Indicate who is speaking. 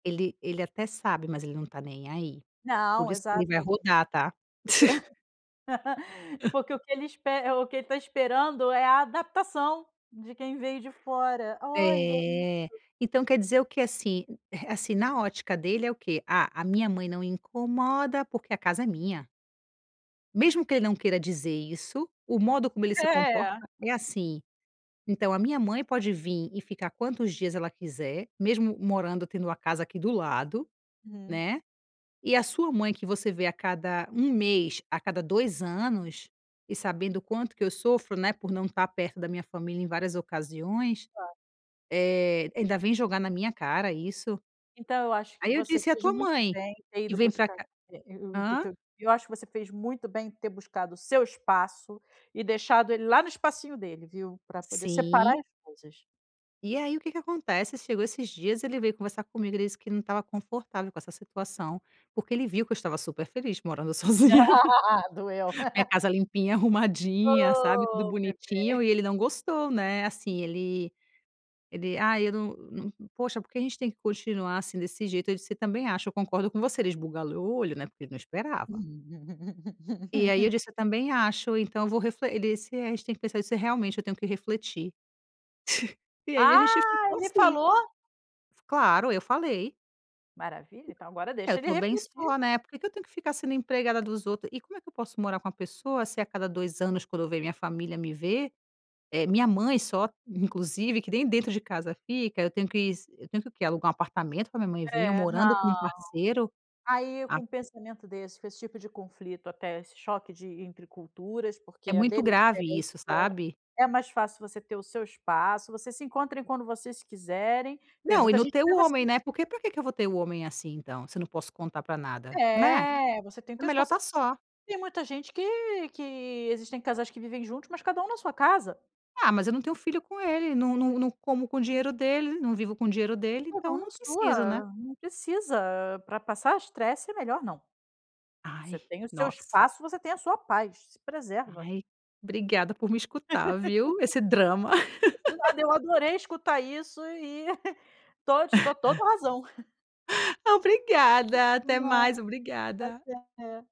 Speaker 1: Ele ele até sabe, mas ele não tá nem aí. Por
Speaker 2: Não,
Speaker 1: isso que ele
Speaker 2: exato.
Speaker 1: vai rodar, tá?
Speaker 2: E porque o que ele espera eh, o que ele tá esperando é a adaptação de quem veio de fora. Olha isso.
Speaker 1: É. Então quer dizer, o que, assim, eh, assim na ótica dele é o quê? "Ah, a minha mãe não incomoda porque a casa é minha". Mesmo que ele não queira dizer isso, o modo como ele se comporta
Speaker 2: É!
Speaker 1: é assim. Então, "A minha mãe pode vim e ficar quantos dias ela quiser, mesmo morando, tendo a casa aqui do lado,
Speaker 2: Uhum.
Speaker 1: né, e a sua mãe, que você vê a cada 1 mês, a cada 2 anos", e sabendo o quanto que eu sofro, né, por não estar perto da minha família em várias ocasiões,
Speaker 2: Claro.
Speaker 1: eh, ainda vem jogar na minha cara isso?
Speaker 2: Então eu acho que
Speaker 1: Aí eu
Speaker 2: você
Speaker 1: disse: "E a
Speaker 2: fez
Speaker 1: tua
Speaker 2: muito
Speaker 1: mãe?
Speaker 2: bem em ter
Speaker 1: Que
Speaker 2: ido
Speaker 1: vem pra
Speaker 2: buscar,
Speaker 1: cá"
Speaker 2: eh eh o te
Speaker 1: Hã?
Speaker 2: teu eu acho que você fez muito bem de ter buscado o seu espaço e deixado ele lá no espacinho dele, viu. Pra poder separar
Speaker 1: Sim.
Speaker 2: as coisas.
Speaker 1: E aí o que que acontece? Chegou esses dias, ele veio conversar comigo, ele disse que ele não estava confortável com essa situação porque ele viu que eu estava super feliz morando sozinha.
Speaker 2: Doeu.
Speaker 1: Minha casa limpinha, arrumadinha, sabe, tudo
Speaker 2: Oh Meu Deus!
Speaker 1: bonitinho e ele não gostou, né, assim ele ele: "Ai, eu não não n poxa, porque a gente tem que continuar, assim, desse jeito?" Eu disse: "Também acho. Eu concordo com você." Ele esbugalhou olho, né, porque ele não esperava. E aí eu disse: "Eu também acho. Então eu vou refle "ele disse: "É, a gente tem que pensa se, realmente, eu tenho que refletir." E aí a gente
Speaker 2: Ah,
Speaker 1: ficou
Speaker 2: ele
Speaker 1: assim.
Speaker 2: falou?
Speaker 1: Claro, eu falei.
Speaker 2: Maravilha, então agora
Speaker 1: É, eu
Speaker 2: deixa ele
Speaker 1: tô bem
Speaker 2: refletir.
Speaker 1: só, né. Por que que eu tenho que ficar sendo empregada dos outros e como é eu posso morar com uma pessoa se a cada 2 anos, quando vem minha família me ver, eh, minha mãe só inclusive, que nem dentro de casa fica, eu tenho que eu tenho que o quê? Alugar 1 apartamento pra minha mãe vim eu
Speaker 2: É,
Speaker 1: morando com
Speaker 2: não.
Speaker 1: 1 parceiro,
Speaker 2: Aí, com
Speaker 1: a
Speaker 2: um pensamento desse, com esse tipo de conflito até, esse choque de entre culturas, porque
Speaker 1: É
Speaker 2: a
Speaker 1: muito
Speaker 2: dele é
Speaker 1: grave
Speaker 2: diferente
Speaker 1: isso,
Speaker 2: do [unintelligible]
Speaker 1: sabe.
Speaker 2: é mais fácil você ter o seu espaço; vocês se encontrem quando vocês quiserem. Tem
Speaker 1: Não, e
Speaker 2: muita
Speaker 1: não
Speaker 2: gente
Speaker 1: ter o
Speaker 2: vivendo
Speaker 1: homem,
Speaker 2: assim.
Speaker 1: né. Por que pra quê que eu vou ter o homem, assim, então? Se eu não posso contar pra nada, né?
Speaker 2: É! Você tem o
Speaker 1: É
Speaker 2: teu
Speaker 1: melhor
Speaker 2: espaço.
Speaker 1: estar só.
Speaker 2: Tem muita gente que que existem casais que vivem juntos, mas cada um na sua casa.
Speaker 1: Ah, mas eu não tenho filho com ele. Não não não como com o dinheiro dele, não vivo com o dinheiro dele,
Speaker 2: Cada um
Speaker 1: então,
Speaker 2: na
Speaker 1: não preciso, né.
Speaker 2: sua. Não precisa pra passar estresse é melhor não. Você
Speaker 1: Ai,
Speaker 2: tem o seu
Speaker 1: nossa.
Speaker 2: espaço, você tem a sua paz. Se preserva.
Speaker 1: Ai, obrigada por me escutar, viu, esse drama.
Speaker 2: De nada, eu adorei escutar isso e tô te dou toda a razão.
Speaker 1: Obrigada,
Speaker 2: De
Speaker 1: até
Speaker 2: nada.
Speaker 1: mais, obrigada.
Speaker 2: Até.